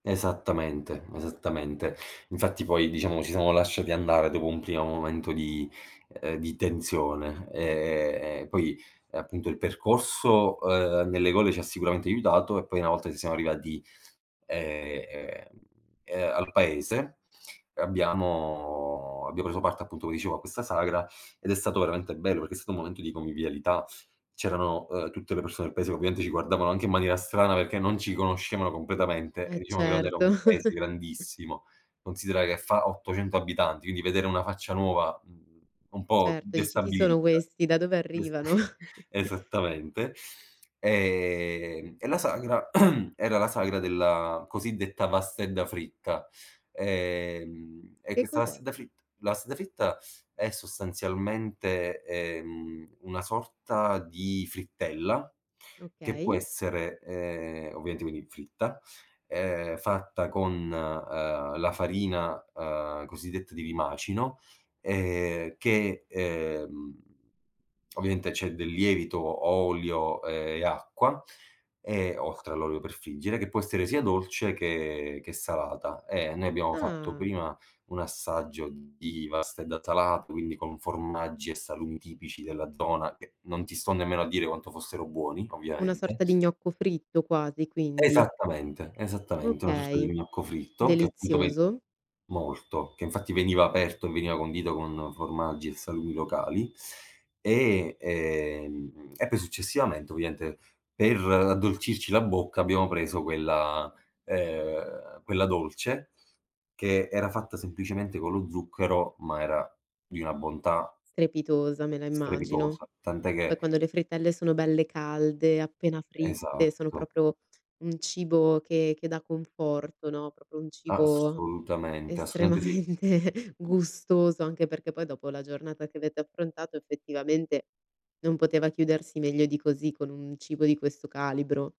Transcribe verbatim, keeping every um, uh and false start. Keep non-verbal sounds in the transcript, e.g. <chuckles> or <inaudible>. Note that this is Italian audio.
Esattamente, esattamente. Infatti poi diciamo, ci siamo lasciati andare dopo un primo momento di ehm, di tensione. Ehm, poi, appunto il percorso, uhm, nelle gole ci ha sicuramente aiutato e poi una volta che siamo arrivati, ehm ehm ehm, al paese, uhm, abbiamo abbiamo preso parte appunto come dicevo a questa sagra, ed è stato veramente bello, perché è stato un momento di convivialità. C'erano, uhm, tutte le persone paese che ovviamente ci guardavano anche in maniera strana perché non ci conoscevano completamente e E diciamo che non era certo. un paese <chuckles> grandissimo; considera che fa ottocento abitanti, quindi vedere una faccia nuova, mhmm, un po' Certo dici: "Chi sono destabilizza. questi? Da dove Es arrivano?" <chuckles> <chuckles> esattamente. Ehm, e la sagra, <clears throat> era la sagra della cosiddetta vastedda fritta. Ehm, e Che questa cos'è? vastedda fritt la vastedda fritta è sostanzialmente, ehm, una sorta di frittella, che può Okay. essere, ehm, ovviamente quindi fritta, ehm, fatta con, uhm, la farina, uhm, cosiddetta di rimacino, ehm, che, ehm, ovviamente c'è del lievito, o olio e acqua, ehm, oltre all'olio per friggere, che può essere sia dolce che che salata. Ehm, noi abbiamo fatto Ah. prima un assaggio di vastedda salat quindi con formaggi e salumi tipici della zona che, non ti sto nemmeno a dire quanto fossero buoni, Una ovviamente. sorta di gnocco fritto quasi, quindi. Esattamente, esattamente una sorta di Okay. gnocco fritto che appunto ve Delizioso. molto, che infatti veniva aperto e veniva condito con formaggi e salumi locali. E, ehm, e poi successivamente ovviaente per addolcirci la bocca, abbiamo preso quella ehm, quella dolce che era fatta semplicemente con lo zucchero, ma era di una bontà Strepitosa me la immagino. strepitosa, tant'è Poi che quando le frittelle sono belle calde, appena fritte, sono Esatto. propro un cibo che che dà conforto, no, propro un cibo Assolutamente, assolutamente sì. estremamente gustoso, anche perché poi dopo la giornata che avete affrontato effettivamente, non poteva chiudersi meglio di così, con un cibo di questo calibro.